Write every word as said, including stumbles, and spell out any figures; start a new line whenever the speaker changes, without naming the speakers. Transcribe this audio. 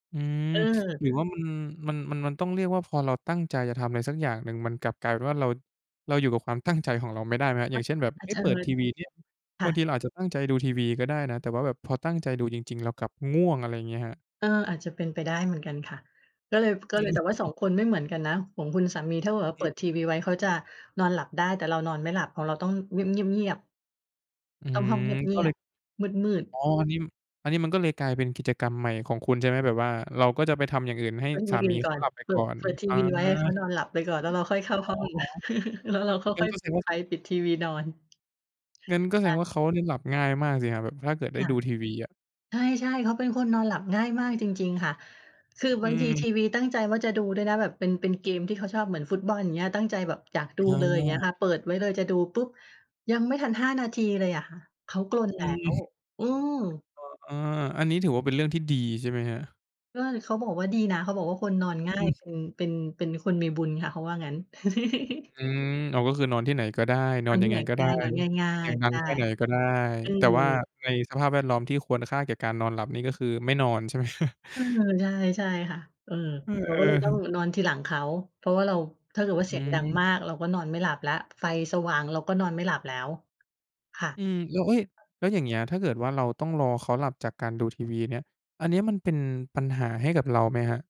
อืม
เออ
หรือว่า มัน มัน มันต้องเรียกว่า พอเราตั้งใจจะทำอะไรสักอย่างหนึ่ง มันกลับกลายเป็นว่า เรา เราอยู่กับความตั้งใจของเราไม่ได้ไหม อ
ค
ย่
่
า
ะ
งเช่น แบบ
อ
เ
า
ฮ
จ
้ย
จะ
เปิดทีวีเนี่ย
ค
บ
่
า
ะ
งทีเราอาจจะตั้งใจดูทีวีก็ได้นะ แต่ว่าแบบพอตั้งใจดูจริง ๆ เรากลับง่วง อะไรอย่างเงี้ยครับ?
เออ อาจจะเป็นไปได้เหมือนกันค่ะ ก็เลย ก
อ
็เลย แต่ว่า สอ
ืม
ง คนไม่เหมือนกันนะ ของคุณสามีถ้าเกิดว่า
อื
เปิ
ม
ดทีวีไว้ เขาจะนอนหลับได้ แต่เรานอนไม่หลับ ของเราต้องเงียบ ๆ
อื้อ
ๆ ต้
ฮ
อ
ื
งห้องเ
อ
ง
ก
ี
็
ย
เล
บ
ย
ๆ มืด
อ
ๆ
๋อ อันนี้ อันนี้มันก็เลยกลายเป็นกิจกรรมใหม่ของคุณใช่ไหม? แบบว่าเราก็จะไปทำอย่างอื่นให้
ทำ
ส
อย่
า
างอื
ม
่
ี
น
เ
ก
ข
่อ
า
น
หลับไป
เปิ
ก่อ
ด
น
เปิดที
อา
วีไว้ให้เขานอนหลับไปก่อน แล้วเราค่อยเข้า
อ๋
ห
อ
้อง แล้วเราก็
งั
ค
้
่
น
อย
ก็แส
ป
ด
ิ
ง
ด
ว่า
ไฟปิดทีวีนอน
งั้นก็แส
ใช
ด
่
งว่าเขาเนี่ยหลับง่ายมากสิครับแบบถ้าเกิดได
ค
้
่ะ
ดูทีวีอะ
ใช่ ๆ เขาเป็นคนนอนหลับง่ายมากจริง ๆ ค่ะ คือ
อ
บ
ื
างทีที
อ
วีตั้งใจว่าจะดูด้วยนะแบบ เป็น เป็นเกมที่เขาชอบเหมือนฟุตบอล อย่างเงี้ย ตั้งใจแบบอยากดู
อ
เลย อย่างเงี้ยค
า
่ะ เปิดไว้เลยจะดูปุ๊บ ยังไม่ทัน ห้า นาทีเลยอะค่ะ เขากรนแ
อ
ล
ื
้
ม
ว อืม
ก็ อา อันนี้ถือว่าเป็นเรื่องที่ดีใช่ไหมครับ?
ก็ เขาบอกว่าดีนะ เขาบอกว่า คนนอนง่า
อ
ย
ืม
เป็น เป็น เป็นคนมีบุญค่ะ เขาว่างั้น
อืม อ๋อ ก็คือนอนที่ไหนก็ได้ น
น
อ
อ
น
น
ย
ท
ั
ี่
ง
ไ
ไ
ห
ง
น
ก
ก
็
็
ไ
ไ
ด
ด
้
้ นอนง่า
เสี
ย
ยงดั
ๆ ใช
ง
่
แค่ไหนก็ได้
อื
แต่ว่า
อ
ในสภาพแวดล้อมที่ควรค่าแก่การนอนหลับนี่ ก็คือไม่นอน ใช่ไหม?
เออ ใช่ ใช่ค่ะ เออ
เออ
เราก็เลยต้อง
ๆ
นอนทีหลังเขา เพราะว่าเรา ถ้าเกิดว่า
อ
เ
ื
สียงดัง
ม
มาก เราก็นอนไม่หลับแล้ว ไฟสว่างเราก็นอนไม่หลับแล้ว ค่ะ
อืม แล้ว เฮ้ย แล้วอย่างเงี้ย ถ้าเกิดว่าเราต้องรอเขาหลับจากการดูทีวีเนี่ย อันเนี้ยมันเป็นปัญหาให้กับเราไหมครับ?